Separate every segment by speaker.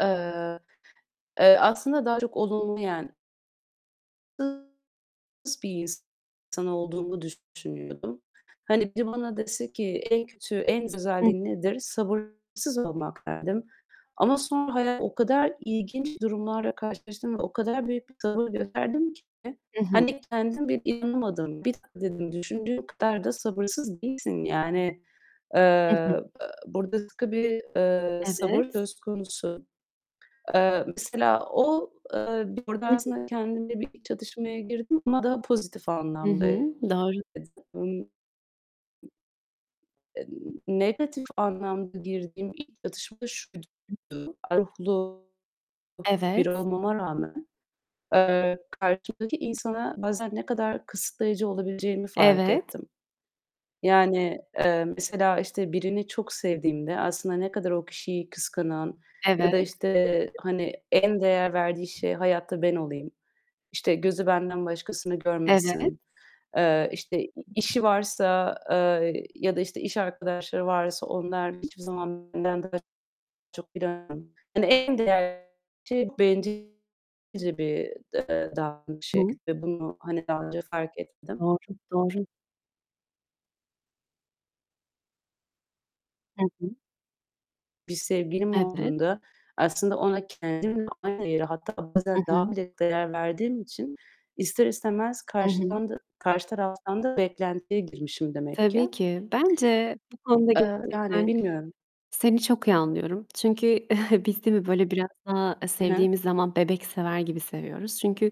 Speaker 1: Eee, eee, aslında daha çok olumlu yen [unintelligible] Bir insan olduğumu düşünüyordum. Hani, biri bana dese ki "En kötü, en
Speaker 2: [unintelligible]
Speaker 1: özelliğin nedir?" "Sabırsız olmak." derdim ama sonra hayat o kadar ilginç durumlarla karşılaştım ve o kadar büyük bir sabır gösterdim ki
Speaker 2: I hı.
Speaker 1: hani kendim bile inanamadım. "Bir dakika." dedim, "Düşündüğün kadar da sabırsız değilsin." Yani,
Speaker 2: I hı.
Speaker 1: eee, [unintelligible] eee, sabır
Speaker 2: Evet.
Speaker 1: söz konusu. Eee, mesela o, eee, orada
Speaker 2: Hı hı.
Speaker 1: aslında kendimle bir çatışmaya girdim ama daha pozitif
Speaker 2: Hı hı, doğru.
Speaker 1: [unintelligible] Emm, Negatif anlamda girdiğim ilk çatışma şuydu: [unintelligible] biri
Speaker 2: Evet.
Speaker 1: olmama rağmen, eee, karşımdaki insana bazen ne kadar kısıtlayıcı olabileceğimi fark
Speaker 2: Evet.
Speaker 1: ettim. Yani, eee, mesela, işte, birini çok sevdiğimde aslında ne kadar o kişiyi kıskanan ya da,
Speaker 2: Evet.
Speaker 1: işte, hani, en değer verdiği şey hayatta ben olayım, işte, gözü benden başkasını
Speaker 2: Evet.
Speaker 1: görmesin, eee, işte, i işi varsa, eee, ya da, işte, iş arkadaşları varsa onlarla hiçbir zaman benden daha çok [unintelligible] Yani en değerli şey bencilce bir, eee, davranış
Speaker 2: Hı.
Speaker 1: şekli. Bunu hani daha önce fark etmedim.
Speaker 2: Doğru, doğru. Hı hı.
Speaker 1: Bir sevgilim
Speaker 2: Evet.
Speaker 1: olduğunda, aslında ona kendimle aynı yeri, hatta
Speaker 2: Hı
Speaker 1: bazen daha
Speaker 2: hı.
Speaker 1: bile değer verdiğim için ister istemez
Speaker 2: Hı hı.
Speaker 1: karşıdan da karşı taraftan da beklentiye girmişim demek
Speaker 2: Tabii
Speaker 1: ki.
Speaker 2: ki. Bence bu konuda
Speaker 1: Eee, yani
Speaker 2: gerçekten
Speaker 1: bilmiyorum.
Speaker 2: seni çok iyi anlıyorum. Çünkü biz değil mi, böyle biraz daha, eee,
Speaker 1: He, he.
Speaker 2: sevdiğimiz zaman bebek sever gibi seviyoruz. Çünkü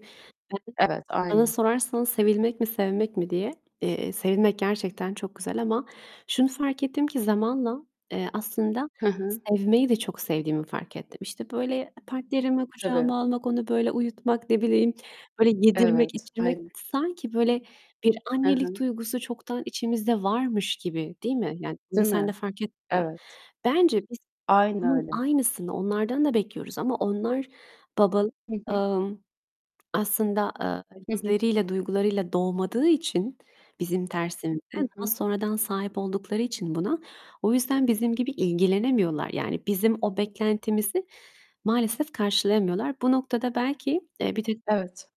Speaker 1: Evet,
Speaker 2: [unintelligible] bana
Speaker 1: aynen.
Speaker 2: sorarsan "Sevilmek mi, sevmek mi?" diye, eee, sevilmek gerçekten çok güzel ama şunu fark ettim ki zamanla, eee, aslında
Speaker 1: Hı hı.
Speaker 2: sevmeyi de çok sevdiğimi fark ettim. İşte, böyle partnerimi
Speaker 1: Tabii.
Speaker 2: kucağıma almak, onu böyle uyutmak, ne bileyim böyle yedirmek
Speaker 1: Evet,
Speaker 2: içirmek,
Speaker 1: aynen.
Speaker 2: sanki böyle bir
Speaker 1: He
Speaker 2: annelik
Speaker 1: he.
Speaker 2: duygusu çoktan içimizde varmış gibi, değil mi? Yani bunu
Speaker 1: Değil
Speaker 2: sen de
Speaker 1: mi?
Speaker 2: fark [unintelligible]
Speaker 1: Evet.
Speaker 2: Bence biz
Speaker 1: Aynen
Speaker 2: bunun
Speaker 1: öyle.
Speaker 2: aynısını onlardan da bekliyoruz ama onlar babal
Speaker 1: Hı hı.
Speaker 2: emm, aslında, eee,
Speaker 1: Hı hı.
Speaker 2: hisleriyle, duygularıyla doğmadığı için bizim tersimize,
Speaker 1: Hı
Speaker 2: daha
Speaker 1: hı.
Speaker 2: sonradan sahip oldukları için buna, o yüzden bizim gibi ilgilenemiyorlar. Yani bizim o beklentimizi maalesef karşılayamıyorlar. Bu noktada belki, eee, [unintelligible]
Speaker 1: Evet.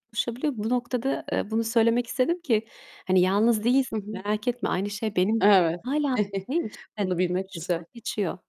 Speaker 2: Bu noktada, eee, bunu söylemek istedim ki hani yalnız değilsin
Speaker 1: Hı hı.
Speaker 2: merak etme, aynı şey benim
Speaker 1: Evet.
Speaker 2: hâlâ
Speaker 1: Bunu bilmek güzel.
Speaker 2: [unintelligible]